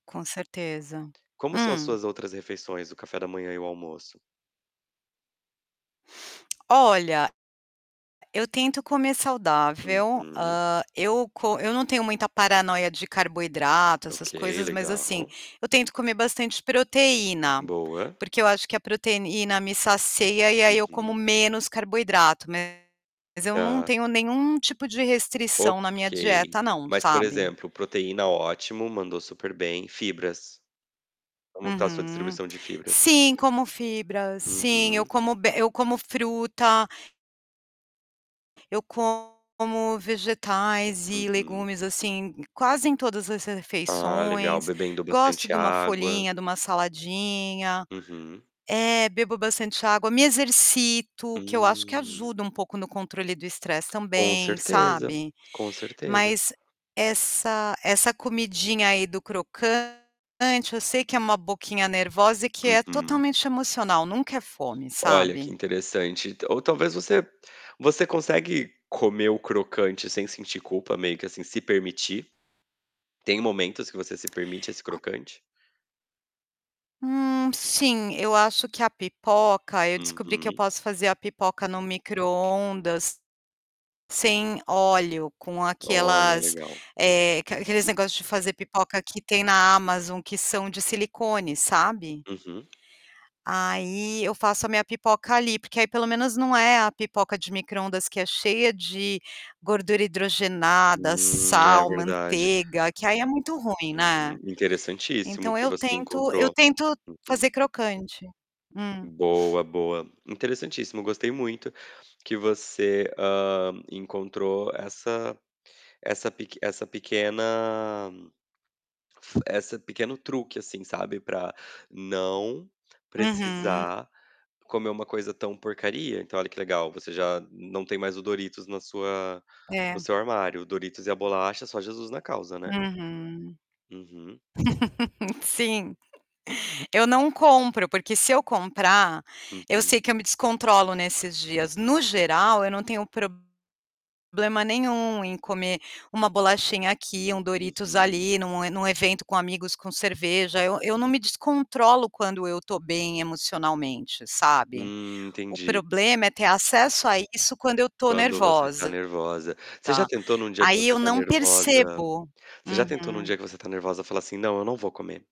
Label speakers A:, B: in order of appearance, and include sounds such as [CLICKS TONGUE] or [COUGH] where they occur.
A: Com certeza.
B: Como são as
A: Hum?
B: suas outras refeições, o café da manhã e o almoço?
A: [CLICKS TONGUE] Olha, eu tento comer saudável,
B: Uhum.
A: hã, eu co eu não tenho muita paranoia de carboidrato,
B: Ok.
A: essas coisas, mas assim,
B: Legal.
A: eu tento comer bastante proteína.
B: Boa.
A: Porque eu acho que a proteína me saceia e aí eu como
B: Uhum.
A: menos carboidrato, mas eu não
B: Tá.
A: tenho nenhum tipo de
B: Ok.
A: restrição na minha dieta não,
B: Mas, por
A: sabe.
B: exemplo, proteína, ótimo. Mandou super bem. Fibras, como que está a sua
A: Uhum.
B: distribuição de fibras?
A: Sim, como fibra, sim. Eu
B: Uhum.
A: como be eu como fruta eu como vegetais e
B: Uhum.
A: legumes assim quase em todas as
B: Ah, legal,
A: refeições.
B: bebendo
A: Gosto
B: bastante
A: de uma
B: água.
A: folhinha, de uma saladinha.
B: Uhum.
A: É, bebo bastante água, me exercito, que eu acho que
B: Hum.
A: ajuda um pouco no controle do estresse
B: Com
A: também,
B: certeza,
A: sabe.
B: com certeza.
A: Mas, essa essa comidinha aí do crocante eu sei que é uma boquinha nervosa e que é
B: Uhum.
A: totalmente emocional, nunca é fome,
B: Olha, que
A: sabe.
B: interessante, ta ou talvez você você consegue comer o crocante sem sentir culpa, meio que assim, se permitir? Tem momentos que você se permite esse
A: A
B: crocante.
A: Hum, sim, eu acho que a pipoca eu descobri que eu
B: Uhum.
A: posso fazer a pipoca no microondas sem óleo, com
B: Olha,
A: aquelas,
B: legal.
A: eh, aque aqueles negócio de fazer pipoca que tem na Amazon que são de silicone, sabe.
B: Uhum.
A: Aí eu faço a minha pipoca ali, porque aí pelo menos não é a pipoca de microondas que é cheia de gordura hidrogenada,
B: Hum, é
A: sal,
B: verdade.
A: manteiga, que aí é muito ruim, né.
B: Uhum, interessantíssimo
A: Então
B: que
A: eu
B: você
A: tento eu
B: encontrou.
A: tento
B: Uhum.
A: fazer crocante. Hum?
B: Boa, boa. Interessantíssimo, gostei muito que você, hã, encontrou essa essa peque essa pequena f essa pequeno truque assim, sabe, para não
A: Uhum.
B: precisar comer uma coisa tão porcaria, então olha que legal você já não tem mais o Doritos na sua no
A: É.
B: seu armário. O Doritos e a bolacha só Jesus na causa, né.
A: Uhum.
B: Uhum.
A: [LAUGHS] Sim. [CHUCKLES] Eu não compro, porque se eu comprar, eu
B: Uhum.
A: sei que eu me descontrolo nesses dias. No geral, eu não tenho problema nenhum em comer uma bolachinha aqui, um Doritos
B: Uhum.
A: ali, num num evento com amigos, com cerveja. Eu eu não me descontrolo quando eu estou bem emocionalmente, sabe.
B: Hum,
A: O
B: entendi.
A: problema é ter acesso a isso quando eu estou
B: Quando você está
A: nervosa,
B: nervosa. Você já tentou em um dia que
A: aí
B: você
A: eu
B: está
A: não
B: nervosa
A: percebo.
B: você já
A: Uhum.
B: tentou no dia que você está nervosa falar assim: "Não, eu não vou comer?".